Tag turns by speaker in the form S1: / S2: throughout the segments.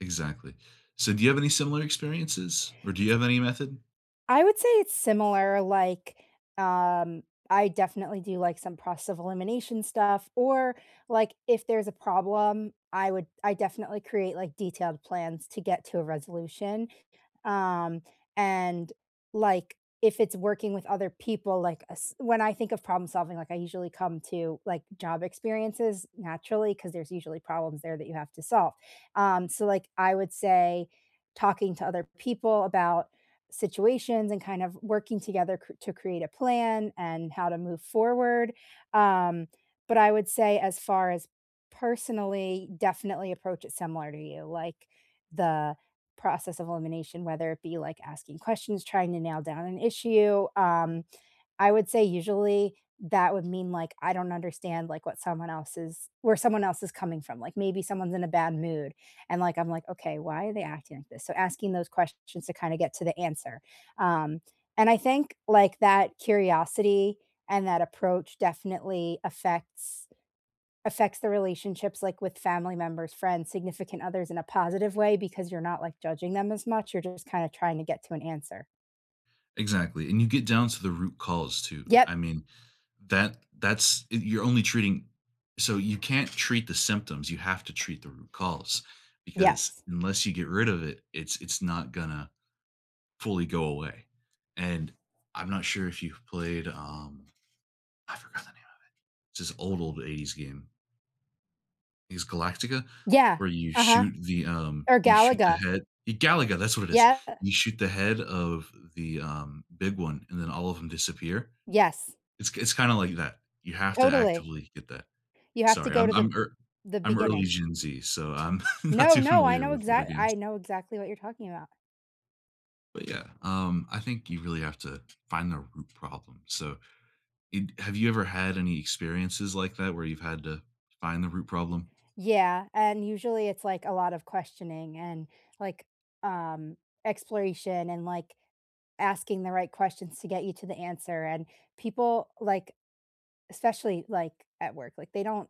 S1: Exactly. So, do you have any similar experiences? Or do you
S2: S
S1: have any method?
S2: I would say it's similar, like, um, I definitely do like some process of elimination stuff or, like, if there's a problem, I would I definitely create, like, detailed plans to get to a resolution. Um, and, like, if it's working with other people, like a s when I think of problem solving, like, I usually come to, like, job experiences, naturally, 'cause there's usually problems there that you have to solve. Um, so like, I would say talking to other people about situations and kind of working together cr to create a plan and how to move forward. Um, but I would say as far as personally, definitely approach it similar to you, like, the process of elimination, whether it be, like, asking questions, trying to nail down an issue. Um, I would say usually that would mean like, I don't understand like what someone else is where someone else is coming from, like maybe someone's in a bad mood, and, like, I'm like, "Okay, why are they acting like this?" So, asking those questions to kind of get to the answer. Um, and I think, like, that curiosity and that approach definitely affects affects the relationships, like, with family members, friends, significant others in a positive way because you're not, like, judging them as much, you're just kinda trying to get to an answer.
S1: Exactly, and you get down to the root cause too. I
S2: Yep.
S1: mean, that that's y you're only treating So you can't treat the symptoms, you have to treat the root cause because
S2: Yes.
S1: unless you get rid of it, it's it's not gonna fully go away. And I'm not sure if you've played, um, I forgot the name of it. It's this old, old 80s game. Is Galactica,
S2: Yeah.
S1: where you
S2: Uh-huh.
S1: shoot the um,
S2: Er,
S1: you shoot the
S2: Galaga
S1: head y Galaga, that's what it is.
S2: Yeah, uh
S1: You shoot the head of the, um, big one, and then all of ‘em disappear.
S2: Yes.
S1: It's it's kinda like that; you have to
S2: Totally.
S1: actively get that.
S2: You have to
S1: Sorry,
S2: go to
S1: I'm
S2: the
S1: I'm ear
S2: the
S1: I'm early
S2: beginning.
S1: Gen Z, so I'm not
S2: No,
S1: too
S2: no, I
S1: familiar
S2: know
S1: with older
S2: exac
S1: games.
S2: I know exactly what you're talking about.
S1: But, yeah, um, I think you really have to find the root problem, so in have you ever had any experiences like that where you've had to find the root problem?
S2: Yeah, and usually, it's, like, a lot of questioning and, like, um, exploration and, like, asking the right questions to get you to the answer, and people, like especially, like, at work, like, they don't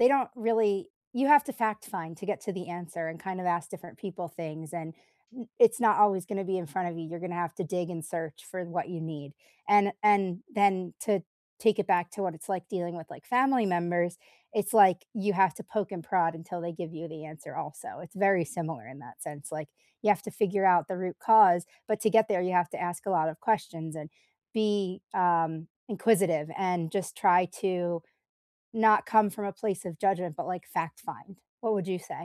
S2: they don't really you have to fact find to get to the answer and kind of ask different people things, and i it's not always gonna be in front of you, you're gonna have to dig and search for what you need. And and then to take it back to what it's like dealing with, like, family members, it's like you have to poke and prod until they give you the answer also, it's very similar in that sense, like, you have to figure out the root cause. But to get there, you have to ask a lot of questions and be, um, inquisitive and just try to not come from a place of judgment, but, like, fact find. What would you say?